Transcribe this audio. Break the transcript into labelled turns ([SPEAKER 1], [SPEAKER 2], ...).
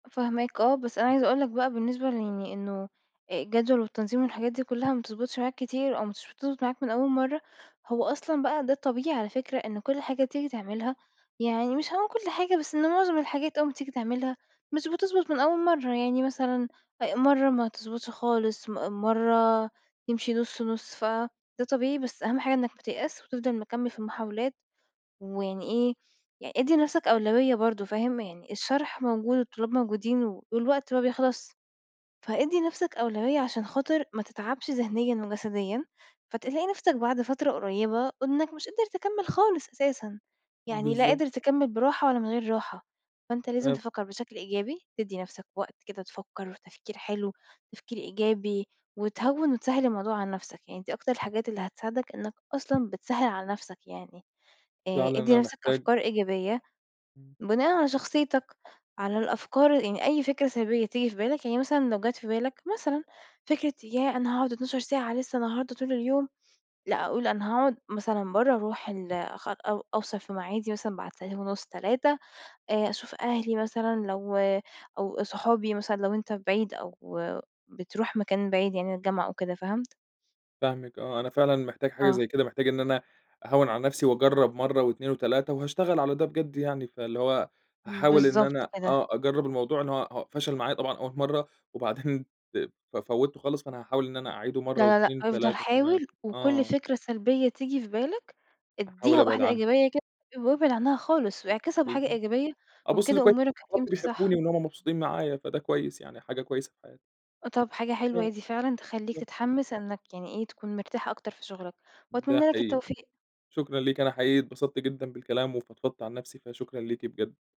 [SPEAKER 1] فاهماك، آه، بس أنا عايزة أقول لك بقى بالنسبة ليعني إنه الجدول والتنظيم والحاجات دي كلها ما بتضبطش معاك كتير أو مش بتضبط معاك من أول مرّة، هو أصلًا بقى ده الطبيعي على فكرة، إن كل حاجة تيجي تعملها يعني مش هاقول كل حاجة، بس إن معظم الحاجات أول ما تيجي تعملها مش بتضبط من أول مرّة، يعني مثلًا أ مرّة ما تضبطش خالص، م مرّة تمشي نُص نُص، فده طبيعي، بس أهم حاجة إنك ما تيأسش وتفضل مكمل في المحاولات، ويعني إيه، يعني ادّي لنفسك أولوية برضو، فاهم؟ يعني الشرح موجود والطلاب موجودين والوقت ما بيخلصش، فإدّي لنفسك أولوية عشان خاطر ما تتعبش ذهنيًا وجسديًا، فتلاقي نفسك بعد فترة قريبة إنك مش قادر تكمل خالص أساسًا، يعني لا
[SPEAKER 2] بالضبط.
[SPEAKER 1] قادر تكمل براحة ولا من غير راحة، فأنت لازم
[SPEAKER 2] [unintelligible]
[SPEAKER 1] تفكر بشكل إيجابي، تدّي نفسك وقت كده تفكر، وتفكير حلو، تفكير إيجابي، وتهوِّن وتسهِّل الموضوع على نفسك، يعني دي أكتر الحاجات اللي هتساعدك، إنك أصلًا بتسهِّل على نفسك يعني، آآ
[SPEAKER 2] فعلًا
[SPEAKER 1] ادّي
[SPEAKER 2] أنا
[SPEAKER 1] نفسك
[SPEAKER 2] محتاج
[SPEAKER 1] أفكار إيجابية،
[SPEAKER 2] إمم.
[SPEAKER 1] بناءً على شخصيتك، على الأفكار، يعني أي فكرة سلبية تيجي في بالك، يعني مثلًا لو جات في بالك مثلًا فكرة ياه أنا هاقعد 12 ساعة لسّه النهارده طول اليوم، لأ قُل أنا هاقعد مثلًا برّه، أروح ال أ أو أوصل في معادي مثلًا بعد ساعتين ونُص 3، آآ أشوف أهلي مثلًا لو أو صحابي مثلًا لو أنت بعيد أو بتروح مكان بعيد يعني الجامعة أو كده، فهمت؟
[SPEAKER 2] فاهمِك، آه، أنا فعلًا محتاج حاجة
[SPEAKER 1] آه.
[SPEAKER 2] زي كده، محتاج إن أنا أهوِّن على نفسي وأجرب مرّة و2 و3 وهاشتغل على ده بجد يعني، فاللي هو هاحاول إن
[SPEAKER 1] بالضبط
[SPEAKER 2] أنا
[SPEAKER 1] كده.
[SPEAKER 2] آه أجرب الموضوع، إن هو فشل معايا طبعًا أول مرة وبعدين ف فوّته خالص، فأنا هاحاول إن أنا أعيده
[SPEAKER 1] لا،
[SPEAKER 2] مرّة
[SPEAKER 1] لا، لأ،
[SPEAKER 2] و2
[SPEAKER 1] افضل
[SPEAKER 2] و3 كمان،
[SPEAKER 1] حاول وكل
[SPEAKER 2] آه.
[SPEAKER 1] فكرة سلبية تيجي في بالك
[SPEAKER 2] أحاول
[SPEAKER 1] ادّيها
[SPEAKER 2] أبعد
[SPEAKER 1] واحدة
[SPEAKER 2] عنها.
[SPEAKER 1] إيجابية كده، وأبعد عنّها خالص واعكسها بحاجة
[SPEAKER 2] بالضبط،
[SPEAKER 1] إيجابية،
[SPEAKER 2] أبُص
[SPEAKER 1] وبكده
[SPEAKER 2] لكو
[SPEAKER 1] أمورك
[SPEAKER 2] بالضبط
[SPEAKER 1] هتمشي صح.
[SPEAKER 2] بيحبوني وإن هم مبسوطين معايا فده كويس يعني، حاجة كويسة في حياتي.
[SPEAKER 1] طَب حاجة حلوة هي
[SPEAKER 2] آه،
[SPEAKER 1] دي فعلًا تخليك
[SPEAKER 2] بالضبط.
[SPEAKER 1] تتحمس إنك يعني إيه تكون مرتاح أكتر في شغلَك،
[SPEAKER 2] ده
[SPEAKER 1] وأتمني لَك
[SPEAKER 2] حقيقي،
[SPEAKER 1] التوفيق.
[SPEAKER 2] شكرًا ليكِ أنا حقيقي اتبسطت جدًا بالكلام وفضفضت عن نفسي، فشكرًا ليكِ بجد.